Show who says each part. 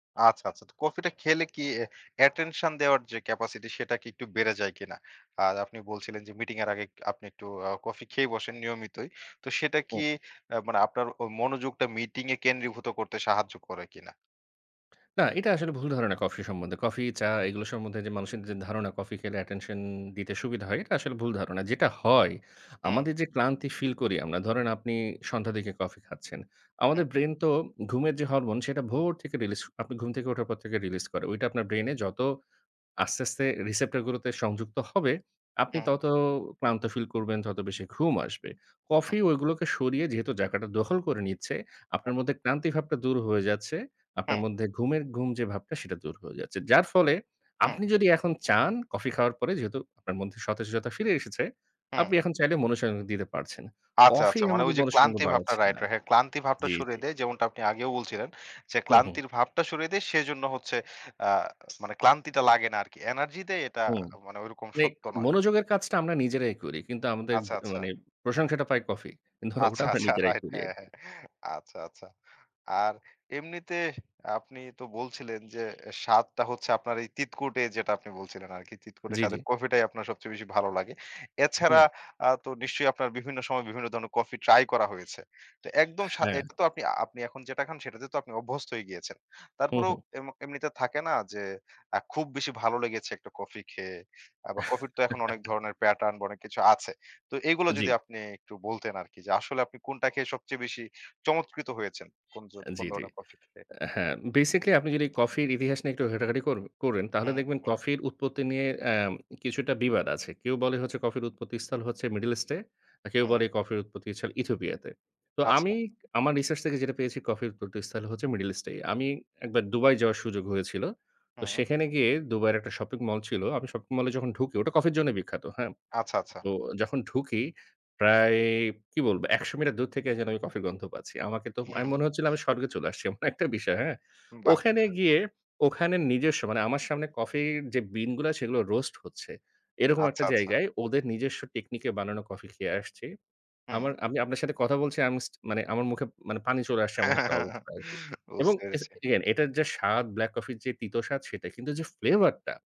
Speaker 1: আচ্ছা, আচ্ছা। তো কফিটা খেলে কি অ্যাটেনশন দেওয়ার যে, ক্যাপাসিটি, সেটা কি একটু বেড়ে যায় কিনা? আর আপনি বলছিলেন যে, মিটিংয়ের আগে আ আপনি একটু কফি খেয়ে বসেন নিয়মিতই। তো সেটা কি
Speaker 2: হুম।
Speaker 1: মানে আপনার মনোযোগটা মিটিংয়ে কেন্দ্রীভূত করতে সাহায্য করে কিনা?
Speaker 2: না, এটা আসলে ভুল ধারণা কফি সম্বন্ধে। কফি, চা এগুলো সম্বন্ধে যে, মানুষের যে, ধারণা, কফি খেলে অ্যাটেনশন দিতে সুবিধা হয়, এটা আসলে ভুল ধারণা। যেটা হয়,
Speaker 1: উম।
Speaker 2: আমাদের যে, ক্লান্তি ফিল করি আমরা, ধরেন আপনি সন্ধ্যার দিকে কফি খাচ্ছেন।
Speaker 1: হুম।
Speaker 2: আমাদের ব্রেইন তো ঘুমের যে, হরমোন, সেটা ভোর থেকে রিলিজ করে, আপনি ঘুম থেকে উঠার পর থেকে রিলিজ করে। ওইটা আপনার ব্রেইনে যত আস্তে, আস্তে রিসেপ্টর গুলোতে সংযুক্ত হবে, আপনি
Speaker 1: হুম।
Speaker 2: তত ক্লান্ত ফিল করবেন, তত বেশি ঘুম আসবে।
Speaker 1: হুম।
Speaker 2: কফি গুলোকে সরিয়ে যেহেতু জায়গাটা দখল করে নিচ্ছে,
Speaker 1: ওহ।
Speaker 2: আপনার মধ্যে ক্লান্তি ভাবটা দূর হয়ে যাচ্ছে। আপনার
Speaker 1: হুম।
Speaker 2: মধ্যে ঘুমের ঘুম যে, ভাবটা, সেটা দূর হয়ে যাচ্ছে। যার ফলে
Speaker 1: হুম।
Speaker 2: আপনি যদি এখন চান, কফি খাওয়ার পরে যেহেতু আপনার মধ্যে সতেজতা ফিরে এসেছে,
Speaker 1: হুম।
Speaker 2: আপনি এখন চাইলে মনঃসংযোগ দিতে পারছেন।
Speaker 1: আচ্ছা,
Speaker 2: কফি
Speaker 1: আচ্ছা। মানে ওই
Speaker 2: আমাদের
Speaker 1: যে,
Speaker 2: মনঃসংযোগ
Speaker 1: ক্লান্তি ভাবটা
Speaker 2: বাড়াচ্ছে
Speaker 1: রাইট,
Speaker 2: না।
Speaker 1: রাইট হ্যাঁ, ক্লান্তি ভাবটা
Speaker 2: জি,
Speaker 1: সরিয়ে
Speaker 2: জি।
Speaker 1: দেয়, যেমনটা আপনি আগেও বলছিলেন। যে,
Speaker 2: হু, হুম।
Speaker 1: ক্লান্তির ভাবটা সরিয়ে দেয় সেজন্য হচ্ছে আ মানে ক্লান্তিটা লাগে না আরকি। এনার্জি দেয় এটা
Speaker 2: হুম।
Speaker 1: মানে ঐরকম
Speaker 2: নেক,
Speaker 1: সত্য নয়।
Speaker 2: মনোযোগের কাজটা আমরা নিজেরাই করি। কিন্তু আমাদের
Speaker 1: আচ্ছা, আচ্ছা।
Speaker 2: মানে প্রশংসাটা পাই কফি। ওটা
Speaker 1: আচ্ছা,
Speaker 2: আমরা
Speaker 1: আচ্ছা,
Speaker 2: নিজেরাই
Speaker 1: রাইট।
Speaker 2: করি
Speaker 1: হ্যাঁ,
Speaker 2: আরকি।
Speaker 1: হ্যাঁ। আচ্ছা, আচ্ছা। আর এমনিতে আপনি তো বলছিলেন যে, স্বাদটা হচ্ছে আপনার এই তিতকুটে যেটা আপনি বলছিলেন আরকি, তিতকুটে
Speaker 2: জি, জি।
Speaker 1: স্বাদের কফিটাই আপনার সবচেয়ে বেশি ভালো লাগে।
Speaker 2: হুম।
Speaker 1: এছাড়া আ তো নিশ্চয়ই আপনার বিভিন্ন সময়ে বিভিন্ন ধরনের কফি ট্রাই করা হয়েছে। তো একদম সা
Speaker 2: হ্যাঁ।
Speaker 1: আপনি এখন যেটা খান, সেটাতে তো আপনি অভ্যস্ত হয়ে গিয়েছেন।
Speaker 2: হু,
Speaker 1: তারপরেও
Speaker 2: হুম।
Speaker 1: এম এমনিতে থাকে না যে, আ খুব বেশি ভালো লেগেছে একটা কফি খেয়ে। বা কফির তো এখন অনেক ধরনের প্যাটার্ন বা অনেক কিছু আছে। তো এগুলো
Speaker 2: জি।
Speaker 1: যদি আপনি একটু বলতেন আরকি, যে, আসলে আপনি কোনটা খেয়ে সবচেয়ে বেশি চমৎকৃত হয়েছেন, কোন ধ
Speaker 2: আ
Speaker 1: কোন
Speaker 2: জি, জি।
Speaker 1: ধরনের কফি খেয়ে?
Speaker 2: হ্যাঁ, বেসিক্যালি আপনি যদি কফির ইতিহাস নিয়ে একটু ঘাটাঘাটি কর করেন তাহলে
Speaker 1: হুম,
Speaker 2: দেখবেন
Speaker 1: হুম।
Speaker 2: কফির উৎপত্তি নিয়ে আ কিছুটা বিবাদ আছে। কেউ বলে হচ্ছে কফির উৎপত্তিস্থল হচ্ছে মিডল ইস্টে, কেউ
Speaker 1: হুম।
Speaker 2: বলে কফির উৎপত্তিস্থল ইথিওপিয়াতে। তো
Speaker 1: আচ্ছা।
Speaker 2: আমি আমার রিসার্চ থেকে যেটা পেয়েছি, কফির উৎপত্তিস্থল হচ্ছে মিডল ইস্টে। আমি একবার দুবাই যাওয়ার সুযোগ হয়েছিল। তো
Speaker 1: হুম।
Speaker 2: সেখানে গিয়ে দুবাইয়ের একটা শপিং মল ছিল, আমি শপিং মলে যখন ঢুকি, ওটা কফির জন্য বিখ্যাত। হ্যাঁ?
Speaker 1: আচ্ছা, আচ্ছা।
Speaker 2: তো যখন ঢুকি, প্রায় কি বলবো, ১০০ মিটার দূর থেকে যেন আমি কফির গন্ধ পাচ্ছি। আমাকে তো
Speaker 1: হু, হুম।
Speaker 2: মনে হচ্ছিল, আমি স্বর্গে চলে আসছি। এমন একটা বিষয়। হ্যাঁ?
Speaker 1: বাহ।
Speaker 2: ওখানে গিয়ে, ওখানে নিজস্ব মানে আমার সামনে কফির যে, বিনগুলো, সেগুলো রোস্ট হচ্ছে। এরকম একটা
Speaker 1: আচ্ছা, আচ্ছা।
Speaker 2: জায়গায় ওদের নিজস্ব টেকনিকে বানানো কফি খেয়ে আসছি।
Speaker 1: হুম।
Speaker 2: আমার আমি আপনার সাথে কথা বলছি আম স্টি মানে আমার মুখে পানি চলে আসছে এমন একটা অবস্থা আরকি। এবং
Speaker 1: বুঝতে, পেরেছি।
Speaker 2: এগেইন এটার যে, স্বাদ ব্ল্যাক কফি যে, তিত স্বাদ সেটা কিন্তু যে, ফ্লেভার টা